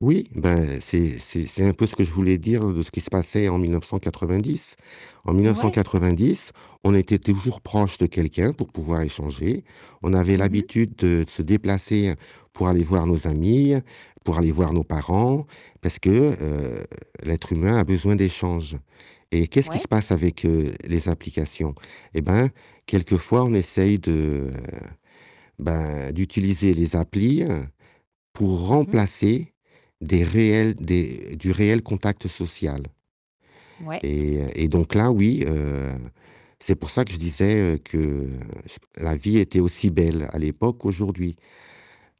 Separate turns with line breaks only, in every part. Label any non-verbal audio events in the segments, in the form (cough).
Oui, ben c'est c'est c'est un peu ce que je voulais dire, hein, de ce qui se passait en 1990. En mille neuf cent
Ouais.
quatre-vingt-dix, on était toujours proche de quelqu'un pour pouvoir échanger. On avait
Mmh mh.
l'habitude de se déplacer pour aller voir nos amis, pour aller voir nos parents, parce que, heu l'être humain a besoin d'échanges. Et qu'est-ce qui se
Ouais.
passe avec, heu, les applications? Eh ben, quelquefois, on essaye de ben, d'utiliser les applis, heu, pour
Mmh mh.
remplacer des réels des du réel contact social.
Ouais.
Et et donc là, oui, heu c'est pour ça que je disais, heu, que la vie était aussi belle à l'époque qu'aujourd'hui.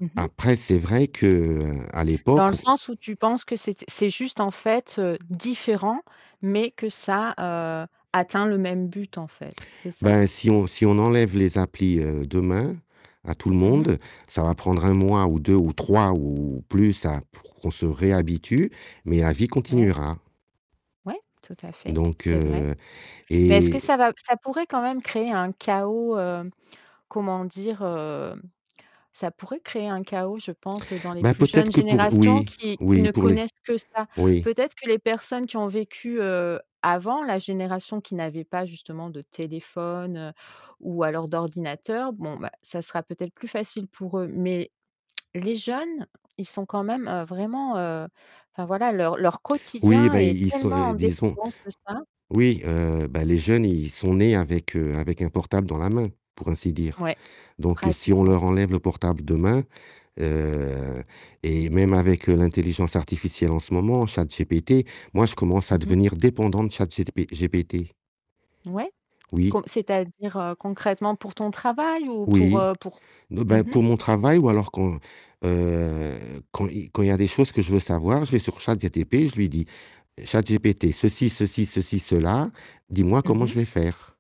Mmh mh.
Après, c'est vrai qu'à
Dans le
l'époque
sens où tu penses que c'étai c'est juste en fait, heu, différent, mais que ça, heu, atteint le même but en fait, c'est ça?
Ben, si on si on enlève les applis, heu, demain, à tout le
Mmh mh.
monde, ça va prendre 1 mois ou 2 ou 3 ou plus, hein, pour qu'on se réhabitue, mais la vie
Ouais.
continuera.
Ouais! Tout à fait,
Donc,
c'est vrai.
heu
Mais est-ce que
et
ça va ça pourrait quand même créer un chaos, heu comment dire, heu ça pourrait créer un chaos, je pense, dans les
Ben
plus
peut-être
jeunes
que pour
générations
oui,
qui qui
oui
ne
pour les
connaissent que ça.
oui.
Peut-être que les personnes qui ont vécu, heu avant la génération qui n'avaient pas justement de téléphone, ou alors d'ordinateur. Bon ben, ça sera peut-être plus facile pour eux. Mais (smacks lips) les jeunes, ils sont quand même, heu, vraiment, heu, enfin voilà, leur leur
Oui,
quotidien
ben
est
ils ils sont,
tellement en
disons
dépendance de ça.
oui, heu, ben les jeunes, ils sont nés avec, heu, avec un portable dans la main, pour ainsi dire.
Ouais.
Donc, heu, si on
Pratiquement.
leur enlève le portable demain, heu et même avec, heu, l'intelligence artificielle en ce moment, ChatGPT, moi je commence à
Mmh mh.
devenir dépendant de ChatGP GPT.
Ouais, co
Oui.
c'est-à-dire, heu, concrètement pour ton travail ou pour,
Oui.
heu, pour
Non,
mmh
ben,
mh.
pour mon travail ou alors quand, heu quand il quand il y a des choses que je veux savoir, je vais sur ChatGPT, je lui dis: «ChatGPT ceci, ceci, ceci, cela, dis-moi
Mmh
comment je
mh.
vais faire».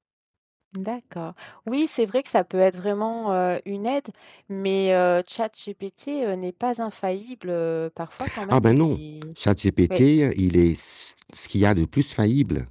D'accord. Oui, c'est vrai que ça peut être vraiment, heu, une aide, mais, heu, ChatGPT, heu, n'est pas infaillible, heu parfois, quand
Ah
même,
ben
il
non!
est
ChatGPT,
oui.
il est s ce qu'il y a de plus faillible.